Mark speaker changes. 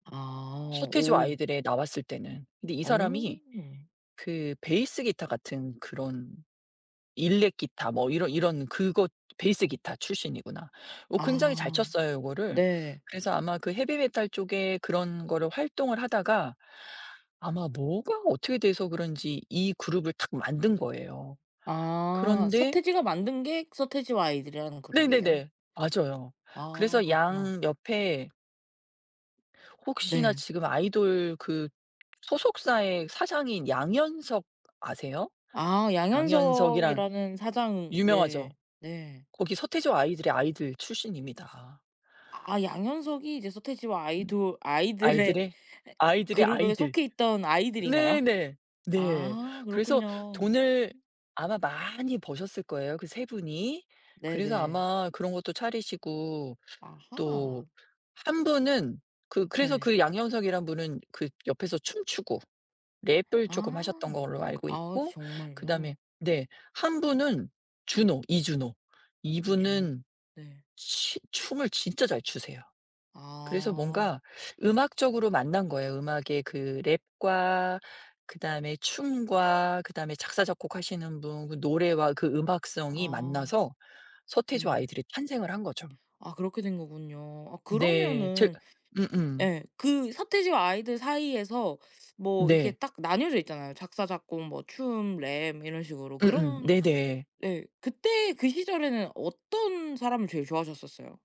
Speaker 1: 아.
Speaker 2: 서태지와
Speaker 1: 오.
Speaker 2: 아이들에 나왔을 때는. 근데 이
Speaker 1: 어.
Speaker 2: 사람이 그 베이스 기타 같은 그런 일렉 기타 뭐 이런 이런 그 것 베이스 기타 출신이구나. 어 굉장히 잘
Speaker 1: 아.
Speaker 2: 쳤어요 요거를.
Speaker 1: 네.
Speaker 2: 그래서 아마 그 헤비메탈 쪽에 그런 거를 활동을 하다가 아마 뭐가 어떻게 돼서 그런지 이 그룹을 탁 만든 거예요.
Speaker 1: 아.
Speaker 2: 그런데
Speaker 1: 서태지가 만든 게 서태지와 아이들이라는 그룹이에요?
Speaker 2: 네네네. 맞아요.
Speaker 1: 아
Speaker 2: 그래서
Speaker 1: 그렇구나.
Speaker 2: 양 옆에 혹시나
Speaker 1: 네.
Speaker 2: 지금 아이돌 그 소속사의 사장인 양현석 아세요?
Speaker 1: 아.
Speaker 2: 양현석이란?
Speaker 1: 양현석이라는 사장으
Speaker 2: 유명하죠?
Speaker 1: 네. 네.
Speaker 2: 거기 서태지와 아이들의 아이들 출신입니다.
Speaker 1: 아 양현석이 이제 서태지와
Speaker 2: 음.
Speaker 1: 아이돌 아이들의
Speaker 2: 아이들의
Speaker 1: 에
Speaker 2: 아이들의
Speaker 1: 그룹에
Speaker 2: 아이들.
Speaker 1: 속해 있던 아이들인가요?
Speaker 2: 네네. 네.
Speaker 1: 아
Speaker 2: 그래서
Speaker 1: 그렇군요.
Speaker 2: 돈을 아마 많이 버셨을 거예요, 그 3분이. 그래서
Speaker 1: 네네.
Speaker 2: 아마 그런 것도 차리시고
Speaker 1: 아하.
Speaker 2: 또 한 분은 그 그래서
Speaker 1: 네.
Speaker 2: 그 양현석이란 분은 그 옆에서 춤추고 랩을 쪼끔 하셨던
Speaker 1: 아.
Speaker 2: 걸로 알고
Speaker 1: 아
Speaker 2: 있고 그다음에
Speaker 1: 정말요?
Speaker 2: 네 한 분은 주노, 이주노. 이
Speaker 1: 이주노?
Speaker 2: 분은
Speaker 1: 네.
Speaker 2: 치 춤을 진짜 잘 추세요. 그래서
Speaker 1: 아.
Speaker 2: 뭔가 음악적으로 만난 거예요. 음악의 그 랩과 그다음에 춤과 그다음에 작사 작곡하시는 분 그 노래와 그 음악성이
Speaker 1: 아.
Speaker 2: 만나서 서태지와
Speaker 1: 네.
Speaker 2: 아이들이 탄생을 한 거죠.
Speaker 1: 아 그렇게 된 거군요. 아
Speaker 2: 네. 제
Speaker 1: 그러면은
Speaker 2: 음음.
Speaker 1: 예 그 서태지와 아이들 사이에서 뭐 이렇게
Speaker 2: 네.
Speaker 1: 딱 나뉘어져 있잖아요. 작사 작곡 뭐 춤 랩 이런 식으로
Speaker 2: 음음.
Speaker 1: 그런
Speaker 2: 네네.
Speaker 1: 예 그때 그 시절에는 어떤 사람을 제일 좋아하셨었어요?